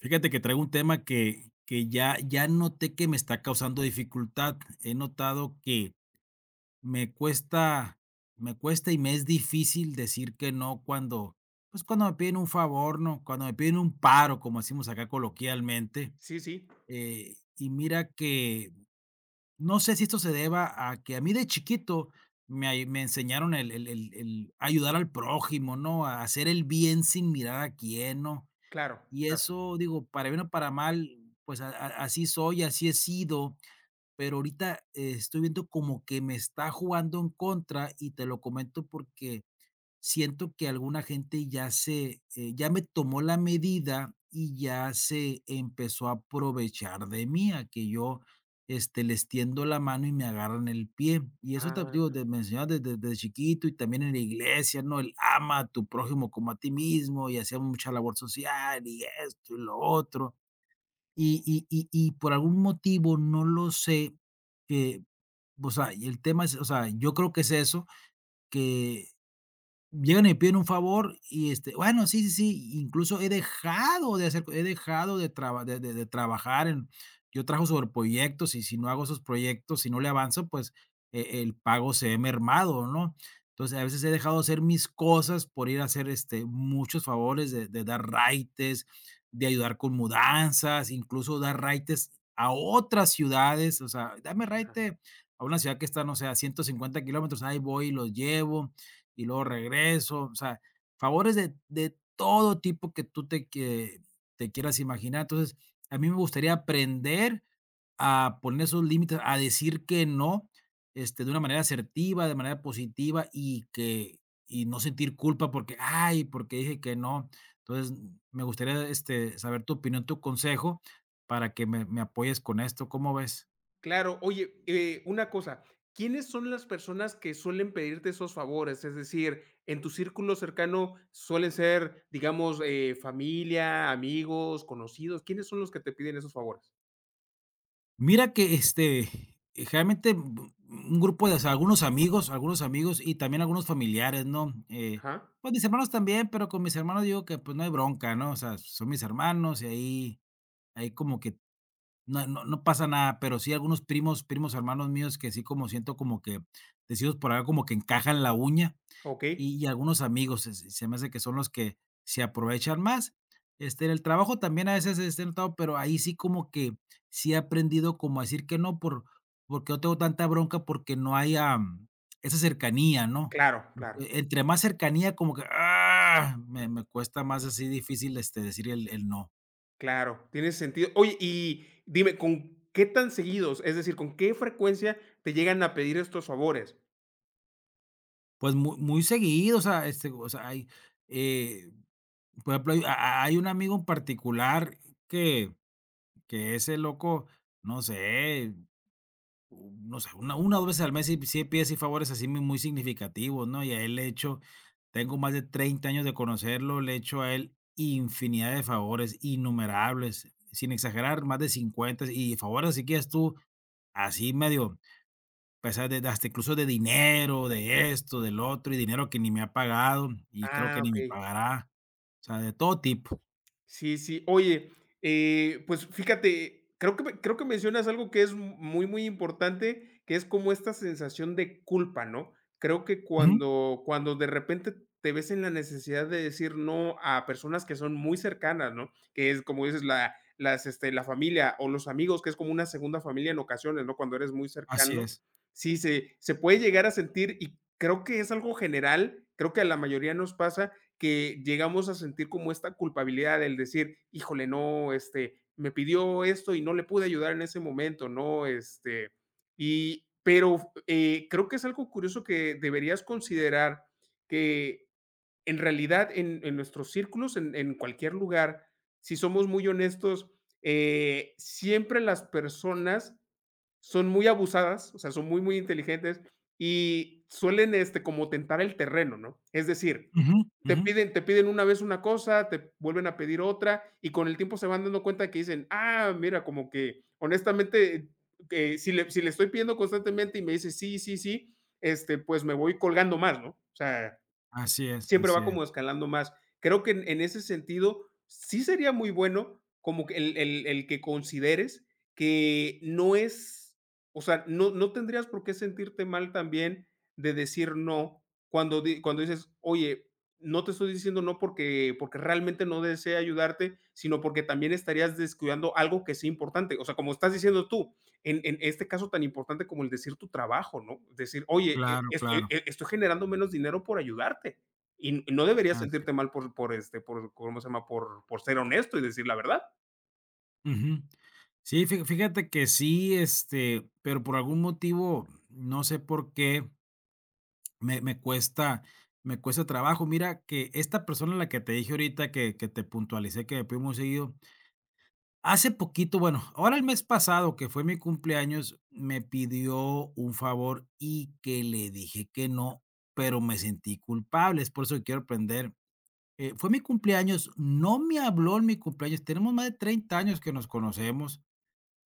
Fíjate que traigo un tema que que ya ya noté que me está causando dificultad. He notado que me cuesta me cuesta y me es difícil decir que no cuando, pues cuando me piden un favor, ¿no?, cuando me piden un paro como decimos acá coloquialmente, Sí, sí. eh, y mira que no sé si esto se deba a que a mí de chiquito me ay me enseñaron el el el el a ayudar al prójimo, ¿no?, a hacer el bien sin mirar a quién, ¿no? Claro, Y claro. eso digo para bien o para mal, pues a a así soy y así he sido. Pero ahorita estoy viendo como que me está jugando en contra y te lo comento porque siento que alguna gente ya se, eh, ya me tomó la medida y ya se empezó a aprovechar de mí a que yo, este, les tiendo la mano y me agarran el pie. Y eso también te Ah, digo, de me enseñaron de desde de chiquito y también en la iglesia, ¿no? El ama a tu prójimo como a ti mismo y hacía mucha labor social y esto y lo otro. Y y y y por algún motivo no lo sé, eh, pues, ay, y el tema es, o sea, yo creo que es eso, que llegan y piden un favor y este, bueno, sí, sí, sí, incluso he dejado de hacer co he dejado de traba de de de trabajar en Yo trabajo sobre proyectos y si no hago esos proyectos, si no le avanzo, pues e el pago se ve mermado, ¿no? Entonces a veces he dejado de hacer mis cosas por ir a hacer este, muchos favores de de dar raites, de ayudar con mudanzas, incluso dar raites a otras ciudades. O sea: "Dame Ajá. raite a una ciudad que está, no sé, a 150 km". Ahí voy y los llevo y luego regreso, o sea, favores de de todo tipo que tú te quie te quieras imaginar. Entonces a mí me gustaría aprender a poner esos límites, a decir que no, este, de una manera asertiva, de manera positiva y que y no sentir culpa porque: "Ay, ¿porqué dije que no?". Entonces me gustaría, este, saber tu opinión, tu consejo para que me me apoyes con esto, ¿cómo ves? Claro. Oye, eh, una cosa, ¿quiénes son las personas que suelen pedirte esos favores?, es decir, en tu círculo cercano suelen ser, digamos, eh, familia, amigos, conocidos, ¿quiénes son los que te piden esos favores? Mira que, este, generalmente, bu bu un grupo de, o sea, algunos amigos algunos amigos y también algunos familiares, ¿no?, eh, Ajá. pues, mis hermanos también, pero con mis hermanos digo que: "Pues, no hay bronca", ¿no? O sea, son mis hermanos, y ahí, hay como que no no no pasa nada, pero sí algunos primos, primos hermanos míos que sí como siento como que, decimos por acá, como: "Que encajan la uña". Okey. Y y algunos amigos se se se me hace que son los que se aprovechan más. Este, en el trabajo también a veces se es sentado, pero ahí sí como que, sí he aprendido como a decir que no, por porque no tengo tanta bronca porque no hay, am, esa cercanía, ¿no?, Claro, claro. e entre más cercanía como que, ah, me me cuesta más así difícil, este, decir el el no. Claro, tiene sentido. Oye, y dime, ¿con qué tan seguidos?, es decir, ¿con qué frecuencia te llegan a pedir estos favores? Pues mu muy seguido. O sea, este, o sea, hay, eh, por ejemplo, hay hay un amigo en particular que que ese loco, no sé. U no sé, una una, o dos veces al mes, sí sí pide así favores así mu muy significativos, ¿no? Y el hecho Tengo más de 30 años de conocerlo. Le he hecho a él infinidad de favores, innumerables, sin exagerar más de 50. Y favores así que digas tú, así medio pesar de hasta incluso de dinero, de esto del otro y dinero que ni me ha pagado, y creo que Ah, ni me okey. pagará. O sea, de todo tipo. Sí, sí. Oye, eh, pues, fíjate, creo que me creo que mencionas algo que es muy, muy importante, que es como esta sensación de culpa, ¿no? Creo que Ujú. cuando cuando de repente te ves en la necesidad de decir no a personas que son muy cercanas, ¿no?, que es como dices, la las este la familia o los amigos, que es como una segunda familia en ocasiones, ¿no?, cuando eres muy Así cercano. es. Sí, se se puede llegar a sentir, y creo que es algo general. Creo que a la mayoría nos pasa que llegamos a sentir como esta culpabilidad del decir: "Híjole, no, este me pidió esto, y no le pude ayudar en ese momento", ¿no? Este, y pero, eh, creo que es algo curioso que deberías considerar, que en realidad en en nuestros círculos, en en cualquier lugar, si somos muy honestos, eh, siempre las personas son muy abusadas. O sea, son muy, muy inteligentes, y suelen este como tentar el terreno, ¿no? Es decir, Ujú, te ujú. piden te piden una vez una cosa, te vuelven a pedir otra, y con el tiempo se van dando cuenta de que dicen: "Ah, mira", como que honestamente, que si le si le estoy pidiendo constantemente, y me dices sí, sí, sí, este pues me voy colgando más, ¿no? O sea, Así es. siempre Así va es. como escalando más. Creo que en en ese sentido sí sería muy bueno como que el el el que consideres que no es o sea, no no tendrías por qué sentirte mal también de decir no, cuando di cuando dices: "Oye, no te estoy diciendo no, porque porque realmente no desee ayudarte, sino porque también estarías descuidando algo que es importante". O sea, como estás diciendo tú en en este caso tan importante como el decir tu trabajo, ¿no?, decir: "Oye, e Claro, es e claro. e estoy generando menos dinero por ayudarte". Y y no deberías Ah, sí. sentirte mal por por, este, por ¿cómo se llama?, por por ser honesto y decir la verdad. Ujú. Sí, fi fíjate que sí, este, pero por algún motivo, no sé, por qué me me cuesta, me cuesta trabajo. Mira que esta persona a la que te dije ahorita que que te puntualicé que me pide muy seguido. Hace poquito bueno, ahora el mes pasado que fue mi cumpleaños, me pidió un favor, y que le dije que no, pero me sentí culpable. Es por eso que quiero aprender eh, fue mi cumpleaños, no me habló en mi cumpleaños, tenemos más de 30 años que nos conocemos.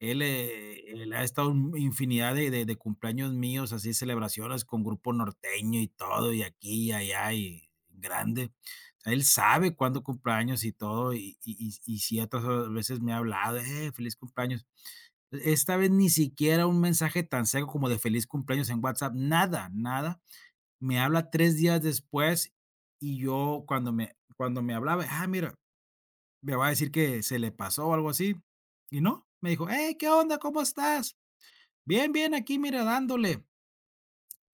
Él, eh, él ha estado, mm, infinidad de de de cumpleaños míos, así celebraciones con grupo norteño y todo, y aquí y allá y grande. Él sabe cuándo cumplo años y todo, y y y y ciertas veces me ha hablado: "Eh, feliz cumpleaños". E esta vez ni siquiera un mensaje tan seco como de feliz cumpleaños en WhatsApp, nada, nada. Me habla 3 días después, y yo cuando me cuando me hablaba. Ah, mira. Me va a decir que se le pasó o algo así, y no, me dijo: "¡Hey, qué onda!, ¿cómo estás?, bien, bien, aquí mira, dándole".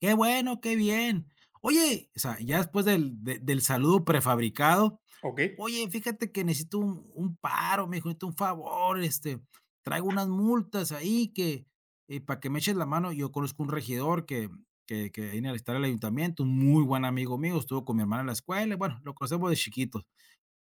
"Qué bueno, qué bien". "Oye", o sea, ya después del del saludo prefabricado. Okey. "Oye, fíjate que necesito un un paro", me dijo: "Necesito un favor". Este: "Traigo unas multas ahí que, eh, para que me eches la mano". Yo conozco un regidor que que que viene a visitar al ayuntamiento, muy buen amigo mío. Estuvo con mi hermana en la escuela. Bueno, lo conocemos de chiquito.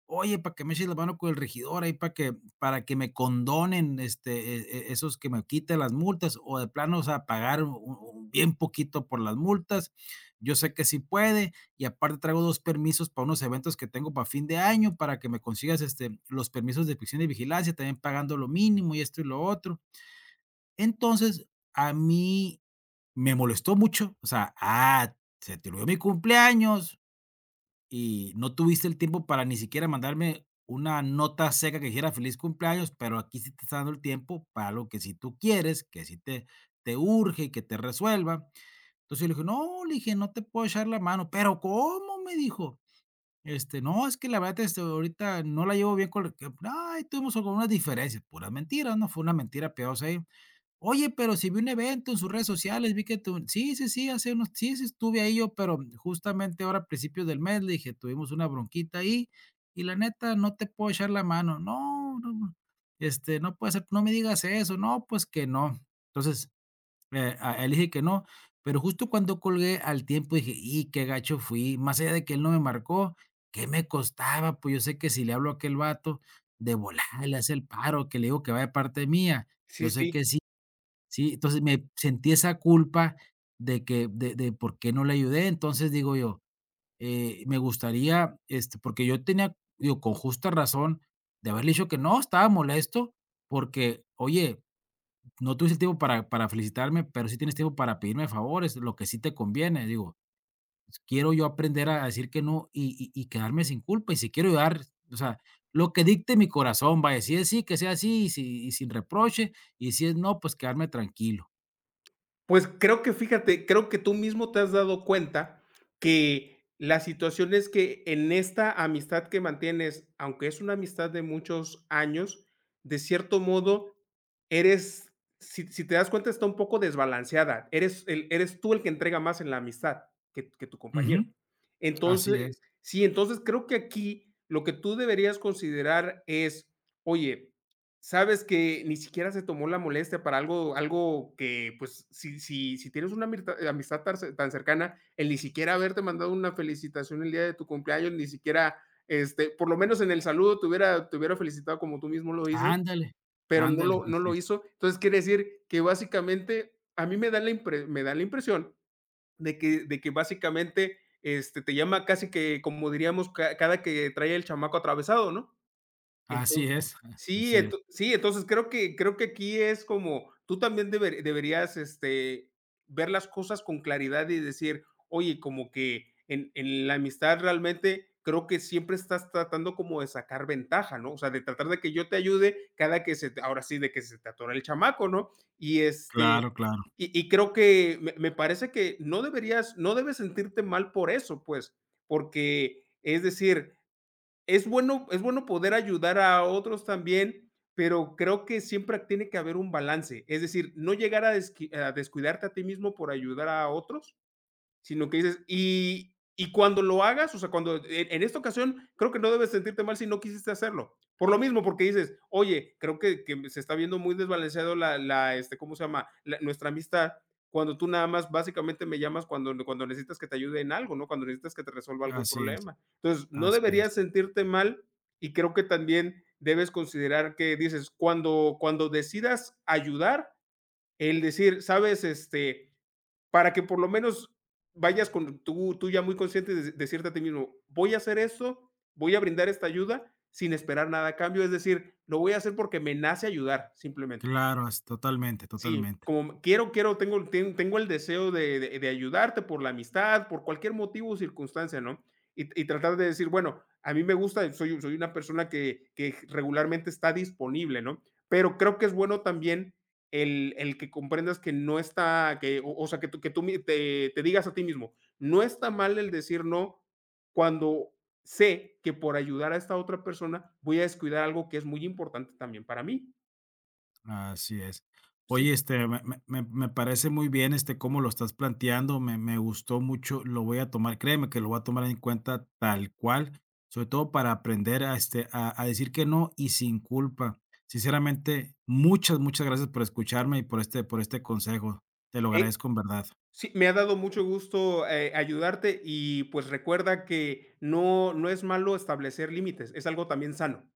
"Oye, para que me eches la mano con el regidor ahí para que para que me condonen, este, e e esos que me quite las multas, o de plano, o sea, pagar u u bien poquito por las multas. Yo sé que sí puede, y aparte traigo 2 permisos para unos eventos que tengo para fin de año para que me consigas, este, los permisos de prisión y vigilancia también pagando lo mínimo, y esto, y lo otro". Entonces, a mí me molestó mucho, o sea, ah, se tiró de mi cumpleaños, y no tuviste el tiempo para ni siquiera mandarme una nota seca que dijera, feliz cumpleaños. Pero aquí sí te está dando el tiempo para algo que sí tú quieres que sí te te urge, y que te resuelva. Entonces yo le dije: "No, le dije no te puedo echar la mano". "Pero, ¿cómo?", me dijo. Este: "No, es que la verdad, este, ahorita no la llevo bien con él. Ay, tuvimos como unas diferencias". Pura mentira, ¿no?, fue una mentira piadosa ahí. "Oye, pero si vi un evento en sus redes sociales, vi que tú sí, sí, sí, hace unos sí, sí, estuve ahí yo, pero justamente ahora a principios del mes", le dije: "Tuvimos una bronquita ahí y la neta no te puedo echar la mano". "No, no, no", este: "No puede ser, no me digas eso, no, pues que no". Entonces, eh, ah, le dije que no, pero justo cuando colgué al tiempo dije: "Y qué gacho fui", más allá de que él no me marcó. ¿Qué me costaba? Pues, yo sé que si le hablo a aquel bato de volada le hace el paro, que le digo que va de parte mía, yo Sí, sé sí. que sí, sí. Entonces, me sentí esa culpa de que de de por qué no le ayudé. Entonces, digo yo, eh, me gustaría este, porque yo tenía digo con justa razón de haberle dicho que no, estaba molesto, porque oye, no tuviste tiempo para para felicitarme, pero sí tienes tiempo para pedirme favores, lo que sí te conviene. Digo, pues, quiero yo aprender a decir que no, y y y quedarme sin culpa. Y si quiero ayudar, o sea, lo que dicte mi corazón va a decir sí, que sea así, y si y sin reproche. Y si es no, pues, quedarme tranquilo. Pues creo que fíjate, creo que tú mismo te has dado cuenta, que la situación es que en esta amistad que mantienes, aunque es una amistad de muchos años, de cierto modo, eres Si si te das cuenta, está un poco desbalanceada. Eres el eres tú el que entrega más en la amistad, que tu que tu compañero. Ujú. Así Entonces es. Sí. Entonces creo que aquí lo que tú deberías considerar es: "Oye". Sabes que ni siquiera se tomó la molestia para algo algo que, pues, si si si tienes una amistad eh, amistad tan ce tan cercana, el ni siquiera haberte mandado una felicitación el día de tu cumpleaños, ni siquiera, este, por lo menos en el saludo te hubiera te hubiera felicitado como tú mismo lo dices, Ándale. pero no Ándale, lo no así lo es. hizo. Entonces quiere decir que básicamente a mí me da la impre me da la impresión, de que de que básicamente, este, te llama casi que como diríamos, ca cada que trae el chamaco atravesado, ¿no? Así Entonces es. Sí Así es. Ent sí entonces creo que creo que aquí es como tú también deber deberías, este, ver las cosas con claridad y decir: "Oye, como que, en en la amistad realmente creo que siempre estás tratando como de sacar ventaja, ¿no? O sea, de tratar de que yo te ayude cada que se te ahora sí, de que se te atore el chamaco", ¿no? Y, este, Claro, claro. y y creo que me me parece que, no deberías no debes sentirte mal por eso, pues, porque, es decir, es bueno es bueno poder ayudar a otros también, pero creo que siempre tiene que haber un balance. Es decir, no llegar a desqui a descuidarte a ti mismo por ayudar a otros, sino que dices Y y cuando lo hagas, o sea, cuando E en esta ocasión creo que no debes sentirte mal si no quisiste hacerlo por lo mismo, porque dices: "Oye, creo que que me se está viendo muy desbalanceado la la, este, ¿cómo se llama?, la nuestra amistad cuando tú nada más básicamente me llamas cuando n cuando necesitas que te ayude en algo, ¿no?, cuando necesitas que te resuelva algún Así es. problema". Entonces no Así es. deberías sentirte mal y creo que también debes considerar que dices: "Cuando cuando decidas ayudar", el decir, ¿sabes?, este, para que por lo menos, vayas con tú, tú ya muy consciente des decirte a ti mismo: "Voy a hacer eso, voy a brindar esta ayuda sin esperar nada a cambio. Es decir, lo voy a hacer, porque me nace ayudar, simplemente". Claro, es Totalmente, Sí, totalmente. como: "Quiero, quiero tengo ten tengo el deseo de de de ayudarte por la amistad, por cualquier motivo o circunstancia, ¿no? Y t y tratar de decir: "Bueno, a mí me gusta, soy soy una persona que que g regularmente está disponible", ¿no? Pero creo que es bueno también el el que comprendas que no está que o o sea, que tú que tú mi te te digas a ti mismo: "No está mal el decir no, cuando sé que por ayudar a esta otra persona voy a descuidar algo que es muy importante también para mí". Así es. Sí. Oye, este me me me me parece muy bien, este, cómo lo estás planteando. Me me gustó mucho. Lo voy a tomar, créeme que lo voy a tomar en cuenta tal cual, sobre todo para aprender a, este, a a decir que no y sin culpa. Sinceramente, muchas, muchas gracias por escucharme y por este por este consejo. Te lo Eh agradezco en verdad. Sí, me ha dado mucho gusto, eh, ayudarte y pues recuerda que no, no es malo establecer límites. Es algo también sano.